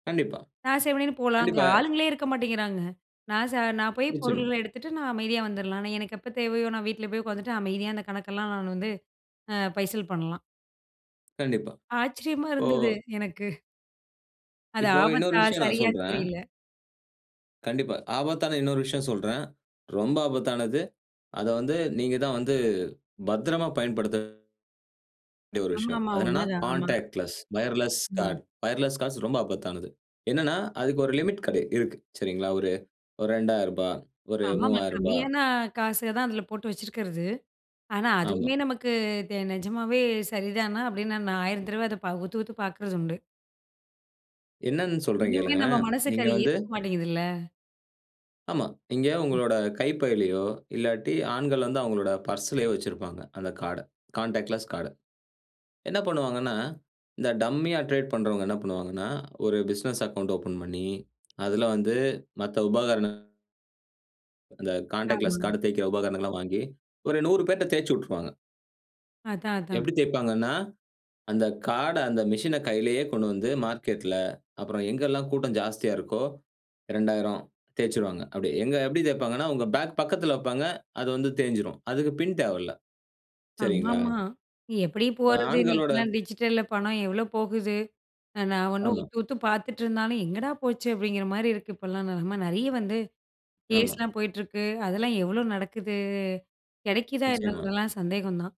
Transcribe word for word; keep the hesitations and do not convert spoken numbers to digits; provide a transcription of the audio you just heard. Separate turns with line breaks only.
கண்டிப்பா.
நான் செவனேன்னு போலாம், அங்க
கண்டிப்பா.
ஆளுங்களே இருக்க மாட்டேங்கிறாங்க. நான் ச நான் போய்
நிச்சயமா.
பொருள்கள எடுத்துட்டு, நான் அமைதியா வந்துரலாம், ஆனா எனக்கு எப்ப தேவையோ! நான் வீட்ல போய் உட்காந்துட்டு அமைதியா அந்த கணக்கெல்லாம் நான் வந்து அ பைசல் பண்லாம்.
கண்டிப்பா.
ஆச்சரியமா
இப்போ
இருந்தது எனக்கு. அது
இப்போ இன்னொரு
ஆபத்தா?
விஷயம் நான்
சரியான்னு
சொல்றேன்.
தெரியல.
கண்டிப்பா. ஆபத்தான இன்னொரு விஷயம் சொல்றேன். ரொம்ப ஆபத்தானது. அத வந்து, நீங்க தான் வந்து பத்திரமா பயன்படுத்த [unintelligible] [unintelligible] ஒரு
ஆமா.
விஷயம்.
ஆமா
அது
உண்ம
என்னனென்னா,
தான். ஆமா.
கான்டாக்ட்லெஸ் வயர்லெஸ் கார்ட்
ம்.
வயர்லெஸ் காஸ் ரொம்ப ஆபத்தானது. என்னென்னா, அதுக்கு ஒரு லிமிட் கெட இருக்கு. சரிங்களா ஒரு ரெண்டாயிரம் ரூபா, ஒரு
ஆமாமா.
மூவாயிரம் ரூபா.
கம்மியான காசு தான் அதில போட்டு வச்சிருக்கிறது. ஆனா,
ஆமா.
அதுவுமே நமக்கு தே நிஜமாவே சரிதானா? அப்பிடின்னு நான் ஆயிரம் தடவ அத பா உத்து, உத்து பார்க்கிறதுண்டு.
என்னன்னு சொல்றேன்
இன்னுமே நம்ம
கேளுங்களேன்!
மனசுக்கு
நீங்க
அத
வந்து
ஏத்துக்க மாட்டேங்கிதுல்ல.
ஆமா. இங்க
[unintelligible]
உங்களோட கைப் பைலயோ! இல்லாட்டி ஆண்கள் வந்து அவுங்களோட பர்ஸ்லயோ வச்சிருப்பாங்க. அந்த கார்ட் அ கான்டாக்ட்லெஸ் கார்ட. என்ன பண்ணுவாங்கன்னா, இந்த டம்மி ஆ டிரேட் பண்றவங்க என்ன பண்ணுவாங்கன்னா, ஒரு பிசினஸ் அக்கவுண்ட் ஓப்பன் பண்ணி, அதில வந்து மத்த உபகரணம் அந்த
ஆமா.
கான்டாக்ட்லெஸ் கார்ட் தேய்க்கிற உபகரணங்கள் எல்லாம் வாங்கி ஒரு நூறு பேர்ட்ட தேச்சு விட்டுருவாங்க.
அதான், அதான்.
எப்பிடி தேய்ப்பாங்கன்னா, அந்த கார்ட் அந்த மெஷின கையிலேயே கொண்டு வந்து மார்க்கெட்ல அப்புறம் எங்கெல்லாம் கூட்டம் ஜாஸ்தியா இருக்கோ! ரெண்டாயிரம் தேச்சு விடுவாங்க. அப்பிடி எங்க எப்பிடி தேய்ப்பாங்கன்னா, உங்க பேக் பக்கத்துல வப்பாங்க. அது வந்து தேய்ஞ்சிரும். அதுக்கு பின் தேவல்ல. சரிங்களா?
ஆமாமா. எப்பிடி
ஆ,
போறது?
ஆண்களோட
இன்னிக்கெல்லாம் டிஜிட்டல்ல பணம் எவ்ளோ போகுது? ந நான் ஒன்னும்
ஆமா.
உத்து, உத்து பார்த்துட்டு இருந்தாலும் எங்கடா போச்சு? அப்பிடிங்கிறமாரி இருக்கு இப்பல்லாம் நெலம, நிறைய வந்து
ஆமா.
கேஸ்லாம் போயிட்டிருக்கு. அதெல்லாம் எவ்ளோ நடக்குது? கிடைக்குதா என்ன
நிச்சயமா.
இதுலாம் சந்தேகம் தான்